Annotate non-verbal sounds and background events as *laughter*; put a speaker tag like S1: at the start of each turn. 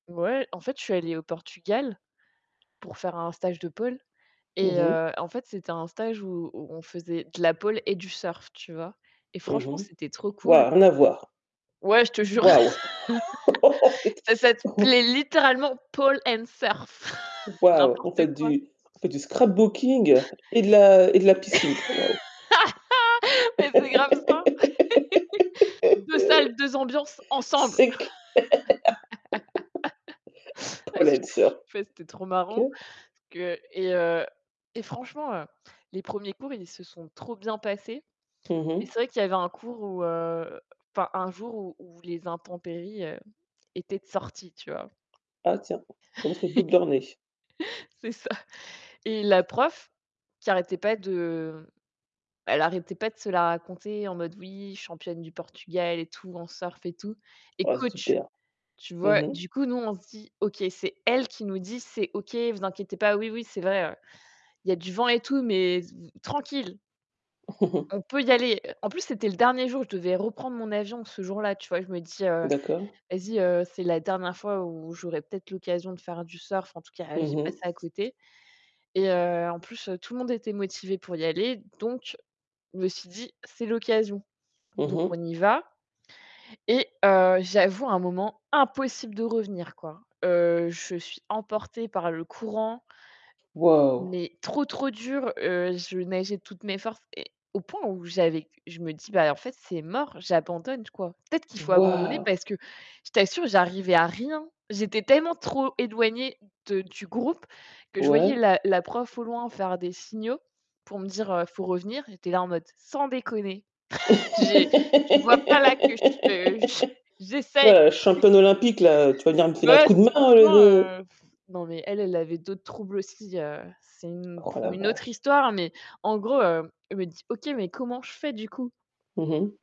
S1: Ouais, en fait, je suis allée au Portugal pour faire un stage de pole et
S2: Mmh mh.
S1: heu, en fait, c'était un stage où où on faisait de la pole et du surf, tu vois? Et
S2: Mmh
S1: franchement,
S2: mh.
S1: c'était trop cool.
S2: Waouh, rien à voir.
S1: Ouais, je te jure.
S2: Waouh
S1: *chuckles* Ça
S2: *laughs* *unintelligible* *laughs*
S1: s'appelait littéralement, pole and surf *chuckles*
S2: Waouh, on
S1: n'importe
S2: fait
S1: quoi.
S2: du on fait du
S1: *chuckles*
S2: scrapbooking et de la et de la piscine, waouh.
S1: *laughs* Mais c'est grave ça. *laughs* Deux
S2: *laughs*
S1: salles, deux ambiances, ensemble.
S2: C'est clair. *laughs*
S1: *laughs*
S2: Pole and
S1: *unintelligible*
S2: surf.
S1: C'était trop
S2: OK.
S1: marrant que et heu, et franchement, heu, les premiers cours, ils se sont trop bien passés.
S2: Mmh
S1: Et
S2: mh.
S1: c'est vrai qu'il y avait un cours où, heu, enfin, un jour où où les intempéries, heu, étaient de sorties, tu vois?
S2: Ah, tiens, ça montre le bout de
S1: *laughs*
S2: leurs nez.
S1: C'est ça, et la prof qui arrêtait pas de elle arrêtait pas de se la raconter en mode oui, championne du Portugal et tout, en surf et tout. Et
S2: Ah,
S1: coach,
S2: super.
S1: tu
S2: Mmh
S1: vois?
S2: mh.
S1: Du coup, nous, on se dit: «OK, c'est elle qui nous dit: "C'est OK, vous inquiétez pas, oui oui, c'est vrai, il y a du vent et tout, mais v tranquille."»
S2: *chuckles*
S1: «"On peut y aller."» en plus, c'était le dernier jour, je devais reprendre mon avion ce jour-là, tu vois? Je me dis heu:
S2: D'accord.
S1: «Vas-y, heu, c'est la dernière fois où j'aurais peut-être l'occasion de faire du surf, en tout cas,
S2: Mmh
S1: j'ai pas
S2: mh.
S1: ça à côté». Et, heu, en plus, tout le monde était motivé pour y aller, donc je me suis dit: «C'est l'occasion».
S2: Mmh
S1: Donc on
S2: mh.
S1: y va, et heu, j'avoue, un moment impossible de revenir quoi. Heu, je suis emportée par le courant.
S2: Waouh.
S1: Mais trop trop dur, heu, je nageais de toutes mes forces et au point où j'avais je me dis: «Bah en fait, c'est mort, j'abandonne, quoi. Peut-être qu'il faut abandonner»,
S2: Waouh!
S1: parce que je t'assure, j'arrivais à rien. J'étais tellement trop éloignée de du groupe que je voyais
S2: Ouais.
S1: la la prof au loin faire des signaux pour me dire, heu: «Faut revenir». J'étais là en mode: «Sans déconner». *chuckles* J'ai tu vois pas là que je
S2: *laughs*
S1: j'essaye.
S2: Toi, la
S1: *chuckles*
S2: championne olympique, là, tu vas venir me filer un
S1: Bah, ouais,
S2: coup de main, au lieu
S1: franchement,
S2: de
S1: heu, *blows air* non, mais elle elle avait d'autres troubles aussi, heu, c'est une
S2: Oh,
S1: pour
S2: la
S1: une autre
S2: vache.
S1: histoire, mais en gros, heu, elle me dit: «OK, mais comment je fais du coup?»
S2: Mmh mh.